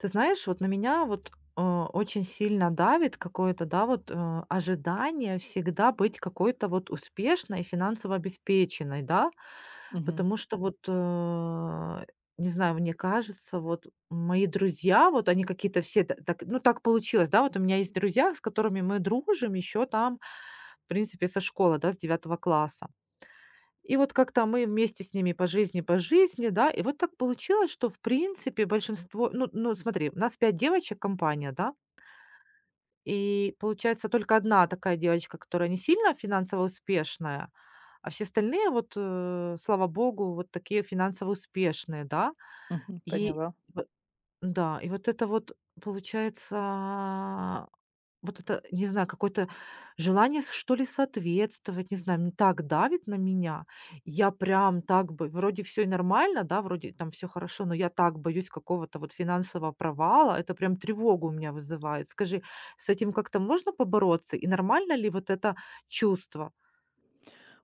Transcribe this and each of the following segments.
Ты знаешь, вот на меня вот, э, очень сильно давит какое-то, да, вот, э, ожидание всегда быть какой-то вот успешной и финансово обеспеченной, да? Мгм. Потому что вот, э не знаю, мне кажется, вот мои друзья, вот они какие-то все т так ну так получилось, да. Вот у меня есть друзья, с которыми мы дружим еще там в принципе, со школы, да, с 9 класса. И вот как-то мы вместе с ними по жизни по жизни, да. И вот так получилось что, в принципе, большинство ну ну смотри, нас 5 девочек, компания, да. И получается только 1 такая девочка, которая не сильно финансово успешная, а все остальные вот, э, слава богу, вот такие финансово успешные, да? Мгм, И поняла. в н-да, и вот это вот получается. Вот это, не знаю, какое-то желание, с что ли, соответствовать, не знаю, м так давит на меня. Я прям так бы вроде, всё и нормально, да? Вроде там всё хорошо, но я так боюсь какого-то вот финансового провала. Это прям тревогу у меня вызывает. Скажи, с этим как-то можно побороться? И нормально ли вот это чувство?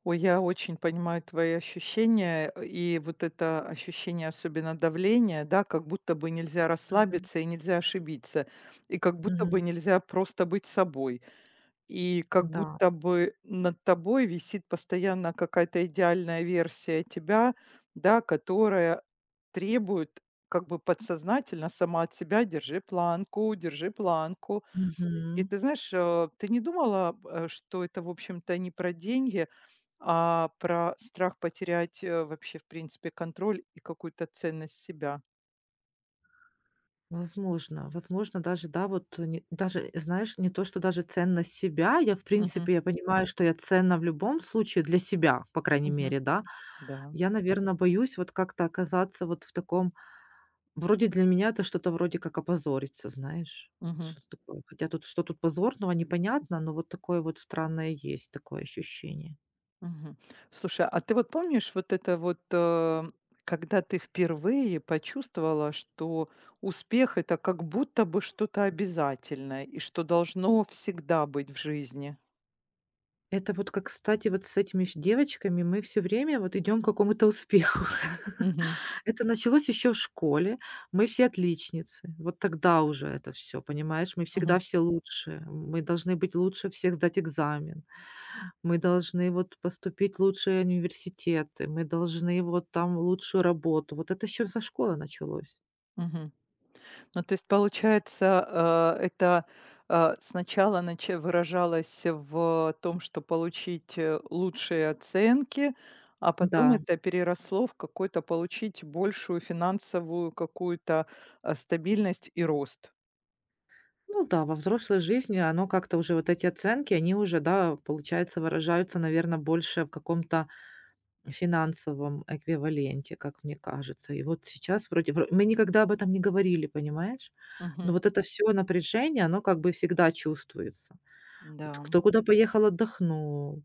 Ой, я очень понимаю твои ощущения. Э, и вот это ощущение, особенно давления, да, как будто бы нельзя Мгм. расслабиться и нельзя ошибиться. И как будто бы Мгм. нельзя просто быть собой. И как Да. будто бы над тобой висит постоянно какая-то идеальная версия тебя, да которая требует как бы подсознательно сама от себя: "Держи планку, держи планку". И Мгм. ты знаешь, а ты не думала, п э, что это, в общем-то, не про деньги а про страх потерять, э, вообще, в принципе, контроль и какую-то ценность себя? Возможно, возможно, даже да, вот, э, даже, знаешь, не то что даже ценность себя. Я, в Мгм. принципе, я понимаю, что я ценна в любом случае для себя, по крайней Мгм. мере, да. Да. Я, наверно, боюсь вот как-то оказаться вот в таком вроде для меня это что-то вроде как опозориться, знаешь, вот Мгм. что-то такое. Хотя тут что тут позорного, непонятно. Но вот такое вот странное есть такое ощущение. Мгм. Слушай, а ты вот помнишь вот это вот, э, когда ты впервые почувствовала, что успех- это как будто бы что-то обязательное и что должно всегда быть в жизни? Это вот как, кстати, вот с этими ф девочками мы всё время вот идем к какому-то успеху. Мгм. Это началось еще в школе. Мы все отличницы. Вот тогда уже это всё, понимаешь? Мы Мгм. всегда все лучшие. Мы должны быть лучше всех сдать экзамен, мы должны вот поступить лучшие университеты, мы должны вот там лучшую работу. Вот это еще со школы началось. Мгм. Ну, то есть получается, э, это, э, сначала начи выражалось в, э, том, что получить, э, лучшие оценки, а потом М-да. это переросло в какой-то получить большую финансовую какую-то, а, стабильность и рост. Ну да во взрослой жизни оно как-то уже вот эти оценки, они уже, да, получается выражаются, наверно, больше в каком-то финансовом эквиваленте, как мне кажется. И вот сейчас, вроде бы Мы никогда об этом не говорили, понимаешь? Но Мгм. вот это всё напряжение, оно как бы всегда чувствуется. Вот М-да. кто куда поехал отдохнул,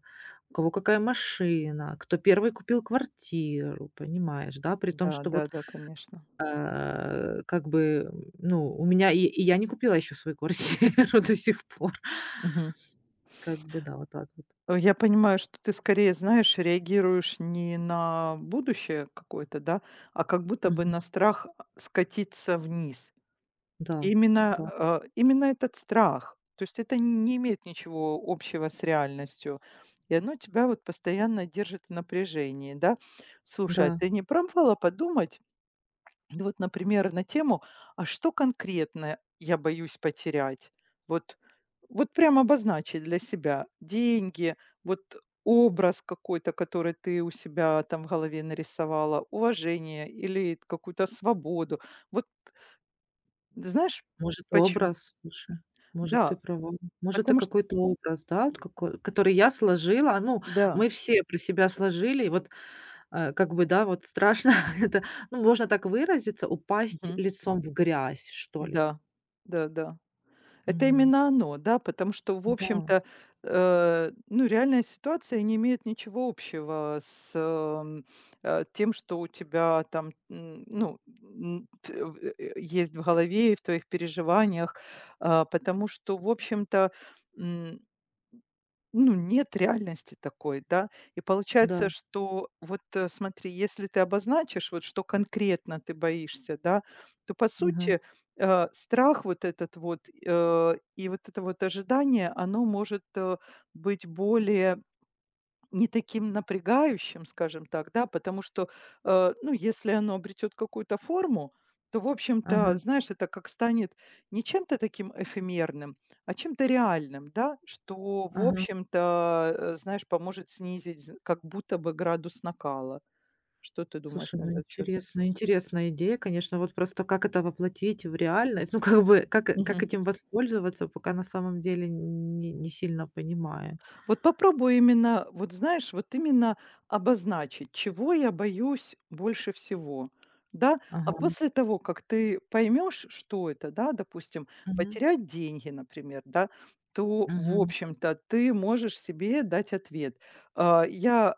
у кого какая машина, кто 1 купил квартиру, понимаешь, да? При том, Да, что да, вот, да, конечно. э, как бы, ну у меня и и я не купила еще свою квартиру до сих пор. М, мгм. Как бы да. Вот так вот. Э, я понимаю, что ты скорее, знаешь, реагируешь не на будущее какое-то, да? А как будто бы Мгм. на страх, а, скатиться вниз. Да, Именно, да. э, именно этот страх. То есть это не имеет ничего общего с реальностью, и оно тебя вот постоянно держит в напряжении, да? Слушай, а Да. ты не пробовала подумать ну вот, например, на тему: а что конкретно я боюсь потерять? Вот, вот прям обозначить для себя. Деньги, вот образ какой-то, который ты у себя там в голове нарисовала, уважение или какую-то свободу. Вот Ты знаешь, Может почем образ. М. Слушай, может ты Да! права, может это Потому чт какой-то образ, да, вот какой который я сложила. Ну Да. мы все про себя сложили. Вот, а, как бы, да, вот страшно это, ну можно так выразиться: упасть Мгм. лицом в грязь, что ли. Да. Да, да. Это Мгм. именно оно, да? Потому что, в М-да. общем-то, э, ну реальная ситуация не имеет ничего общего с, эм, э, тем, что у тебя там, м, ну, м т в э, есть в голове и в твоих переживаниях. А, потому что, в общем-то, м Ну, нет реальности такой, да? И получается, Да. что вот, э, смотри, если ты обозначишь, вот что конкретно ты боишься, да, то по Мгм. сути, э, страх вот этот вот, э, и вот это вот ожидание, оно может, э, быть более не таким напрягающим, скажем так, да? Потому что, э, ну, если оно обретет какую-то форму, то в общем-то, Ага. знаешь, это как станет не чем-то таким эфемерным, а чем-то реальным, да? Что, в Ага. общем-то, э, знаешь, поможет снизить з как будто бы градус накала. Что ты думаешь Слушай, на ну этот счет? интересно. Интересная идея, конечно. Вот просто как это воплотить в реальность? Ну как бы, как как Мгм. этим воспользоваться, пока на самом деле нь не сильно понимаю. Вот попробуй именно, вот знаешь, вот именно обозначить, чего я боюсь больше всего, да? А Ага. после того, как ты поймешь, что это, да, допустим, Мгм. потерять деньги, например, да. То, в Мгм. общем-то, ты можешь себе дать ответ: а, я,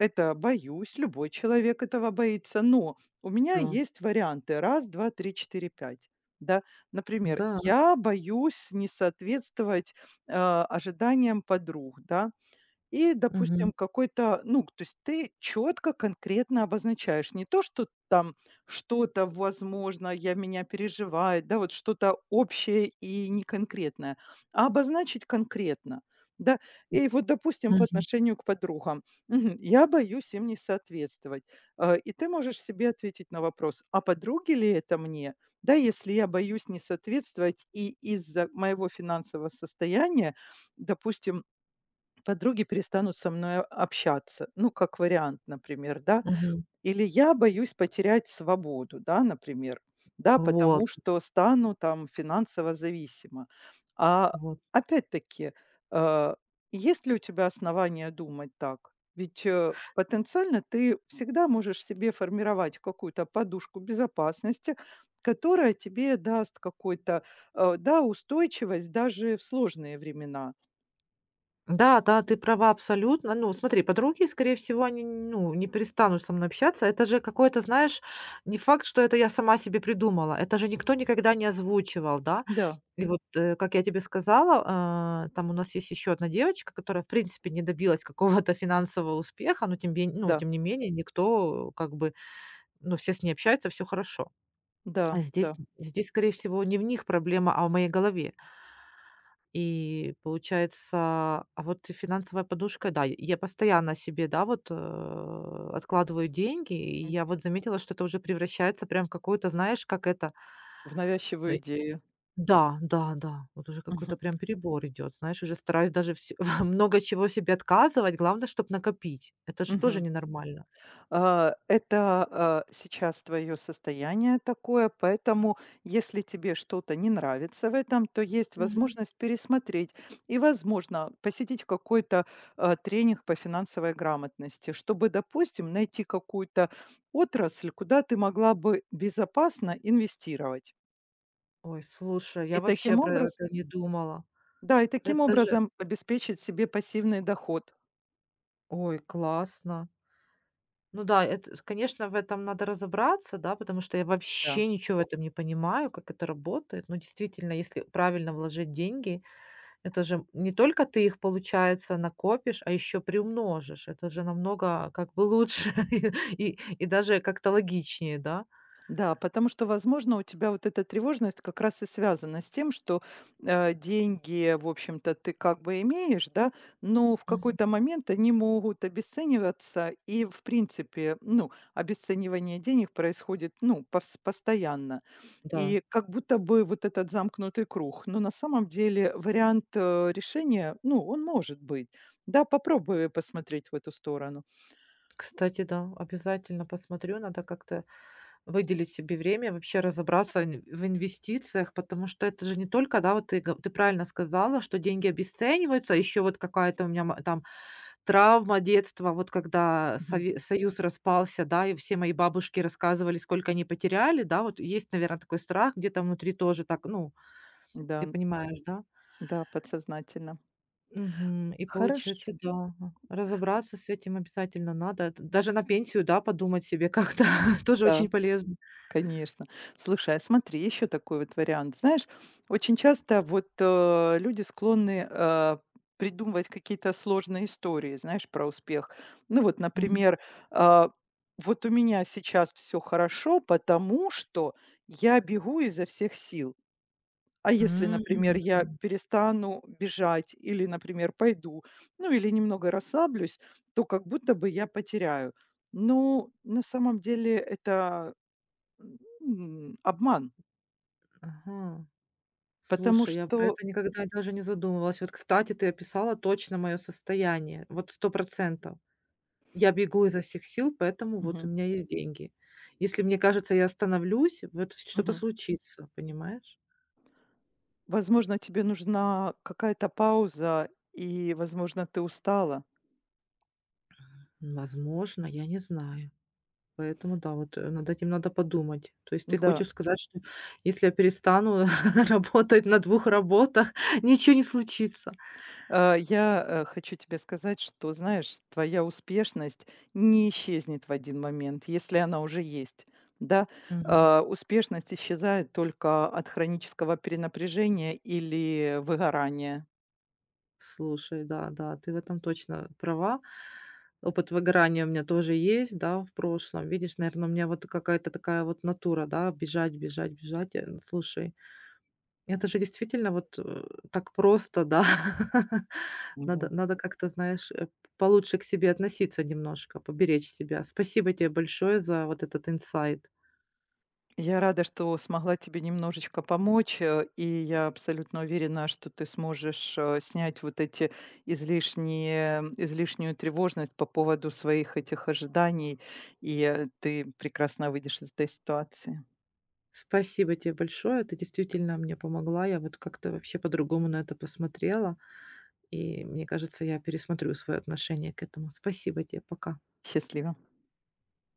э, это боюсь, любой человек этого боится. Но у меня Да. есть варианты: 1, 2, 3, 4, 5. Да? Например: М-да. я боюсь не соответствовать, э, ожиданиям подруг. Да? И, Мгм. допустим, какой-то, ну к то есть ты четко, конкретно обозначаешь не то, что там что-то, возможно, я меня переживает, да, вот что-то общее и неконкретное, а обозначить конкретно. Да? И вот, допустим, по Мгм. отношению к подругам. Мгм. Я боюсь им не соответствовать. А, и ты можешь себе ответить на вопрос: а подруги ли это мне, да, если я боюсь не соответствовать и из-за моего финансового состояния, допустим, подруги перестанут со мною общаться. Ну как вариант, например, да? Мгм. Или я боюсь потерять свободу, да, например, да, потому Вот. что стану там финансово зависима. А, Вот. опять-таки, э, есть ли у тебя основания думать так? Ведь, э, потенциально ты всегда можешь себе формировать какую-то подушку безопасности, которая тебе даст какой-то, э, да, устойчивость даже в сложные времена. Да да, ты права абсолютно. Ну, смотри, подруги, скорее всего, они, нь ну, не перестанут со мной общаться. Это же какое-то, знаешь, не факт, что это я сама себе придумала. Это же никто никогда не озвучивал, да? Да. И вот, э, как я тебе сказала, э, там у нас есть еще одна девочка, которая в принципе не добилась какого-то финансового успеха, но тем ме ну, Да. тем не менее, никто как бы, ну, все с ней общаются, всё хорошо. Да, Здесь, да. здесь, скорее всего, не в них проблема, а в моей голове. И получается. А, вот и финансовая подушка, да. И я постоянно себе, да, вот, э, откладываю деньги. И М. я вот заметила, что это уже превращается прям в какое-то, знаешь, как это? В Но навязчивую и идею. да, да, да. Вот уже какой-то Мгм. прям перебор идет. Знаешь, уже стараюсь даже всь во много чего себе отказывать. Главное, чтоб накопить. Это же тоже Мгм. ненормально. А, это, э, сейчас твое состояние такое. Поэтому если тебе что-то не нравится в этом, то есть Мгм. возможность пересмотреть и, возможно, посетить какой-то, а, тренинг по финансовой грамотности, чтобы, допустим, найти какую-то отрасль, куда ты могла бы безопасно инвестировать. Ой, слушай, И я вообще таким про образ это не думала. Да, и таким Это же образом обеспечить себе пассивный доход. Ой, классно. Ну да, это, с конечно, в этом надо разобраться, да? Потому что я Да. вообще ничего в этом не понимаю, как это работает. Но действительно, если правильно вложить деньги, это же, м, не только ты их, получается, накопишь, а ещё приумножишь. Это же намного как бы лучше и и даже как-то логичнее, да? Да. Потому что, возможно, у тебя вот эта тревожность как раз и связана с тем, что, а, деньги, в общем-то, ты как бы имеешь, да, но в Мгм. какой-то момент они могут обесцениваться. И в принципе, ну, обесценивание денег происходит, ну, повс постоянно. Да. И как будто бы вот этот замкнутый круг. Но на самом деле вариант, э, решения, ну, он может быть, да. Попробуй посмотреть в эту сторону. Кстати, да, обязательно посмотрю. Надо как-то выделить себе время вообще разобраться нь в инвестициях, потому что это же не только, да, вот ты го ты правильно сказала, что деньги обесцениваются. А ещё вот какая-то у меня ма там травма детства. Вот когда Мгм. Сове Союз распался, да, и все мои бабушки рассказывали, сколько они потеряли, да. Вот есть, наверно, такой страх где-то внутри тоже так. Ну, М-да, ты м. понимаешь, да? Да, подсознательно. Мгм. И Хорош получается, да, ага, разобраться с этим обязательно надо. Это даже на пенсию, да, подумать себе как-то тоже очень Да. полезно. Конечно. Слушай, а смотри, еще такой вот вариант. Знаешь, очень часто вот, э, люди склонны, э, придумывать какие-то сложные истории, знаешь, про успех. Ну, вот, Мгм. например, а, вот у меня сейчас всё хорошо, потому что я бегу изо всех сил. А если, например, я М. перестану бежать или, например, пойду, ну, или немного расслаблюсь, то как будто бы я потеряю. Ну на самом деле это м, обман. Ага. Потому Слушай, я про что это никогда даже не задумывалась. Вот, кстати, ты описала точно мое состояние. Вот 100 %. Я бегу изо всех сил, поэтому вот у Мгм. меня есть деньги. Если мне кажется, я остановлюсь, вот в что-то Мгм. случится, понимаешь? Возможно, тебе нужна какая-то пауза и, возможно, ты устала. М, возможно, я не знаю. Поэтому да, вот, э, над этим надо подумать. То есть ты М-да. хочешь сказать, что если я перестану работать на 2 работах, ничё не случится? А, я, э, хочу тебе сказать, что знаешь, твоя успешность не исчезнет в один момент, если она уже есть. Да? Мгм. А, успешность исчезает только от хронического перенапряжения или выгорания. Слушай, да, да. Ты в этом точно права. Опыт выгорания у меня тоже есть, да, в прошлом. Видишь, наверно, у меня вот какая-то такая вот натура, да: бежать, бежать, бежать. Э, слушай, это же действительно вот, э, так просто, да. Надо М-да. надо как-то, знаешь, э, п получше к себе относиться, немножко поберечь себя. Спасибо те большое за вот этот инсайт. Я рада, что смогла тебе немножечко помочь, э, и я абсолютно уверена, что ты сможешь, э, снять вот эти излишние излишнюю тревожность по поводу своих этих ожиданий, и, э, ты прекрасно выйдешь из этой ситуации. Спасибо те большое. Ты действительно мне помогла. Я вот как-то вообще по-другому на это посмотрела. И мне кажется, я пересмотрю свое отношение к этому. Спасибо те. Пока. Счастливо.